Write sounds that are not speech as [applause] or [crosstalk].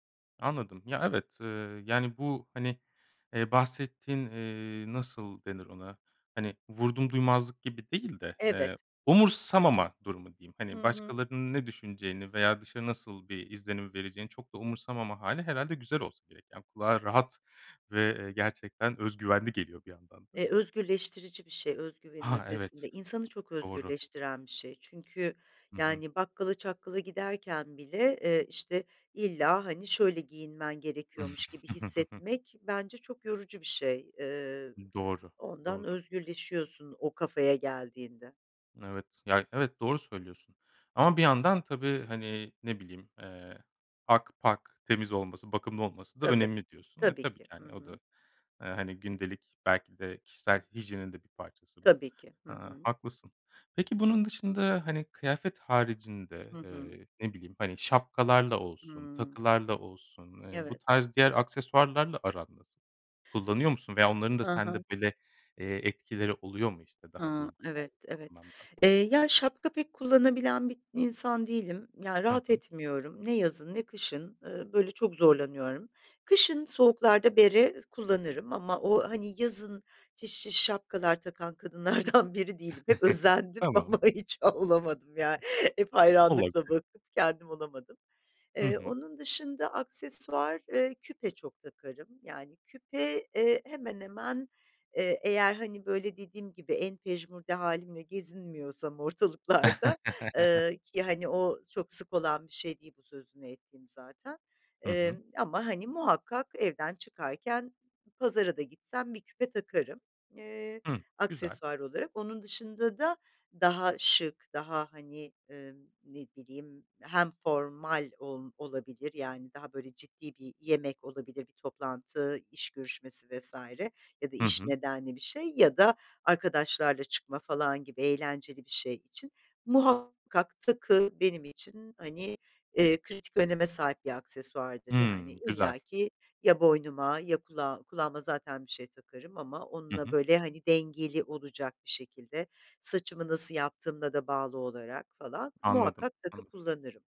Anladım. Ya, evet, eee, yani, bu, hani, eee, bahsettiğin, eee, nasıl denir ona? Hani, vurdumduymazlık gibi değil de, eee, Evet. umursamama durumu diyeyim. Hı Hani, hı. başkalarının ne düşüneceğini veya dışarı nasıl bir izlenim vereceğini çok da umursamama hâli herhâlde güzel olsa gerek. Yani kulağa rahat ve, eee, gerçekten öz güvenli geliyor bir yandan da. Eee, özgürleştirici bir şey öz güvenin Ha, ötesinde. evet. İnsanı çok Doğru. özgürleştiren bir şey. Çünkü Hı hı. yani bakkala çakkala giderken bile, eee, işte, illa, hani, şöyle giyinmen gerekiyormuş gibi [chuckles] hissetmek bence çok yorucu bir şey. Eee, Iıı, doğru, ondan doğru. özgürleşiyorsun o kafaya geldiğinde. Evet. Ya, evet, doğru söylüyorsun ama bir yandan tabii, hani, ne bileyim, eee, pak pak temiz olması, bakımlı olması da Tabii. önemli diyorsun. Eee, Tabii tabii ki. ki, Hı hani, o da, eee, hı. hani, gündelik belki de kişisel hijyenin de bir parçası bu. Tabii ki. Hı Aaa, hı. haklısın. Peki bunun dışında, hani, kıyafet Hı haricinde, hı. eee, ne bileyim, hani, şapkalarla olsun, Hıı. takılarla olsun, eee, bu Evet. tarz diğer aksesuarlarla aran nasıl? Kullanıyor musun veya onların da Ha ha. sende böyle, eee, etkileri oluyor mu, işte, daha Hıı. duygusal Evet, evet. anlamda? Eee, ya, şapka pek kullanabilen bir insan değilim, ya, Hı rahat hı. etmiyorum. Ne yazın ne kışın, ııı, böyle çok zorlanıyorum. Kışın soğuklarda bere ı kullanırım ama o hani yazın şiş şiş şapkalar takan kadınlardan biri değilim. Hep [chuckles] özendim Tamam. ama hiç olamadım ya. Hep hayranlıkla Olabilir. bakıp kendim olamadım. Hı Eee, hı. onun dışında aksesuar, eee, küpe çok takarım. Yani küpe, eee, hemen hemen, eee, eğer hani böyle dediğim gibi, en pejmürde hâlimle gezinmiyorsam ortalıklarda [laughs] eee, ki, hani, o çok sık olan bir şey değil bu sözünü ettiğim zaten. Hı hı. Emm, ama, hani, muhakkak evden çıkarken pazara da gitsem bir küpe takarım, eee, Hı. Güzel. aksesuar olarak. Onun dışında da daha şık, daha hani, eee, ne bileyim, hem formal ol olabilir yani daha böyle ciddi bir yemek olabilir, bir toplantı, iş görüşmesi vs. ya da Hı iş hı. nedenli bir şey ya da arkadaşlarla çıkma falan gibi eğlenceli bir şey için muhakkak takı benim için, hani, eee, kritik öneme sahip bir aksesuardır. Yani Hımm. Güzel. illaki ya boynuma ya kulağım kulağıma zaten bir şey takarım ama Hı onunla hı. böyle, hani, dengeli olacak bir şekilde. Saçımı nasıl yaptığımla da bağlı olarak falan Anladım. muhakkak takı Anladım. kullanırım.